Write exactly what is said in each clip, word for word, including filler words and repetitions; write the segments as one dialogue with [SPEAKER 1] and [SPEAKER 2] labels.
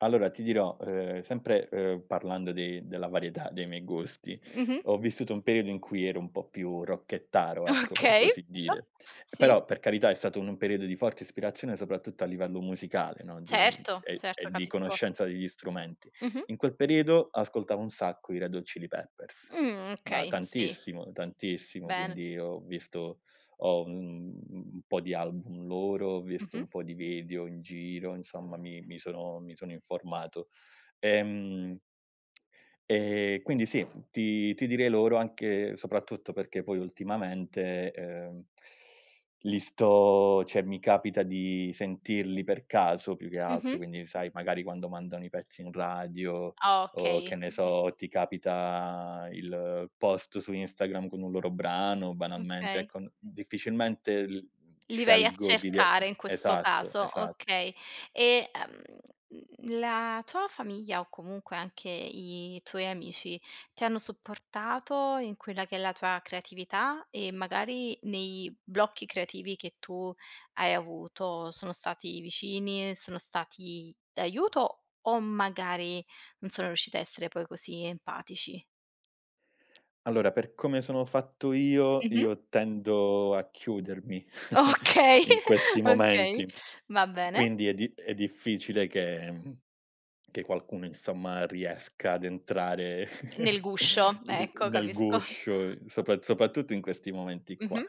[SPEAKER 1] Allora ti dirò, ehm, sempre, ehm, parlando de della varietà dei miei gusti,
[SPEAKER 2] Mh-mh.
[SPEAKER 1] ho vissuto un periodo in cui ero un po' più rockettaro ecco, per
[SPEAKER 2] Okay,
[SPEAKER 1] così
[SPEAKER 2] bello,
[SPEAKER 1] dire,
[SPEAKER 2] sì.
[SPEAKER 1] però per carità è stato un periodo di forte ispirazione soprattutto a livello musicale, no, di
[SPEAKER 2] Certo,
[SPEAKER 1] e e
[SPEAKER 2] certo,
[SPEAKER 1] di
[SPEAKER 2] capisco.
[SPEAKER 1] conoscenza degli strumenti.
[SPEAKER 2] Mh-mh.
[SPEAKER 1] In quel periodo ascoltavo un sacco i Red Hot Chilli Peppers,
[SPEAKER 2] Mh,
[SPEAKER 1] ma
[SPEAKER 2] okay, sì.
[SPEAKER 1] tantissimo, tantissimo,
[SPEAKER 2] Bene.
[SPEAKER 1] quindi ho visto ho, mhmm, un po' di album loro, ho visto
[SPEAKER 2] Mh-mh.
[SPEAKER 1] un po' di video in giro, insomma mi mi sono mi sono informato, ehm ehm quindi sì, ti ti direi loro anche soprattutto perché poi ultimamente, ehm, li sto ceh mi capita di sentirli per caso più che altro,
[SPEAKER 2] Mh-mh.
[SPEAKER 1] quindi sai magari quando mandano i pezzi in radio
[SPEAKER 2] Ah,
[SPEAKER 1] o
[SPEAKER 2] okay.
[SPEAKER 1] che ne so, ti capita il post su Instagram con un loro brano, banalmente
[SPEAKER 2] Okay.
[SPEAKER 1] ecco, n difficilmente l
[SPEAKER 2] Li vai a
[SPEAKER 1] scelgo di via
[SPEAKER 2] cercare in questo
[SPEAKER 1] esatto,
[SPEAKER 2] caso,
[SPEAKER 1] esatto.
[SPEAKER 2] okay. E, ehm, mhmm, la tua famiglia o comunque anche i tuoi amici ti hanno supportato in quella che è la tua creatività e magari nei blocchi creativi che tu hai avuto, sono stati vicini, sono stati d'aiuto o magari non sono riusciti a essere poi così empatici?
[SPEAKER 1] Allora per come sono fatto io,
[SPEAKER 2] Mh-mh.
[SPEAKER 1] io tendo a chiudermi
[SPEAKER 2] Okay,
[SPEAKER 1] in questi
[SPEAKER 2] okay,
[SPEAKER 1] momenti.
[SPEAKER 2] va bene.
[SPEAKER 1] Quindi è di è difficile che mhmm, che qualcuno insomma riesca ad entrare
[SPEAKER 2] Nel guscio,
[SPEAKER 1] i
[SPEAKER 2] ecco,
[SPEAKER 1] nel
[SPEAKER 2] capisco.
[SPEAKER 1] guscio, sopa sopattutto in questi momenti qua.
[SPEAKER 2] Mh-mh.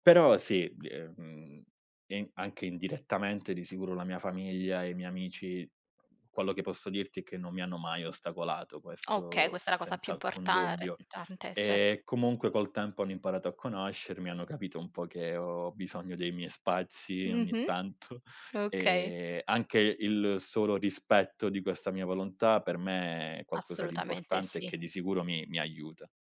[SPEAKER 1] Però sì, bie ehm, in anche indirettamente di sicuro la mia famiglia e i miei amici, quello che posso dirti che non mi hanno mai ostacolato,
[SPEAKER 2] Okay,
[SPEAKER 1] questo
[SPEAKER 2] questa è la cosa più
[SPEAKER 1] senza alcun
[SPEAKER 2] importare
[SPEAKER 1] dubbio.
[SPEAKER 2] tante, certo.
[SPEAKER 1] Ehm, comunque col tempo hanno imparato a conoscermi, hanno capito un po' che ho bisogno dei miei spazi ogni
[SPEAKER 2] Mh-mh.
[SPEAKER 1] tanto,
[SPEAKER 2] Okay.
[SPEAKER 1] ehm, anche il solo rispetto di questa mia volontà per me è qualcosa di
[SPEAKER 2] Assolutamente
[SPEAKER 1] importante e
[SPEAKER 2] sì.
[SPEAKER 1] che di sicuro mi mi aiuta.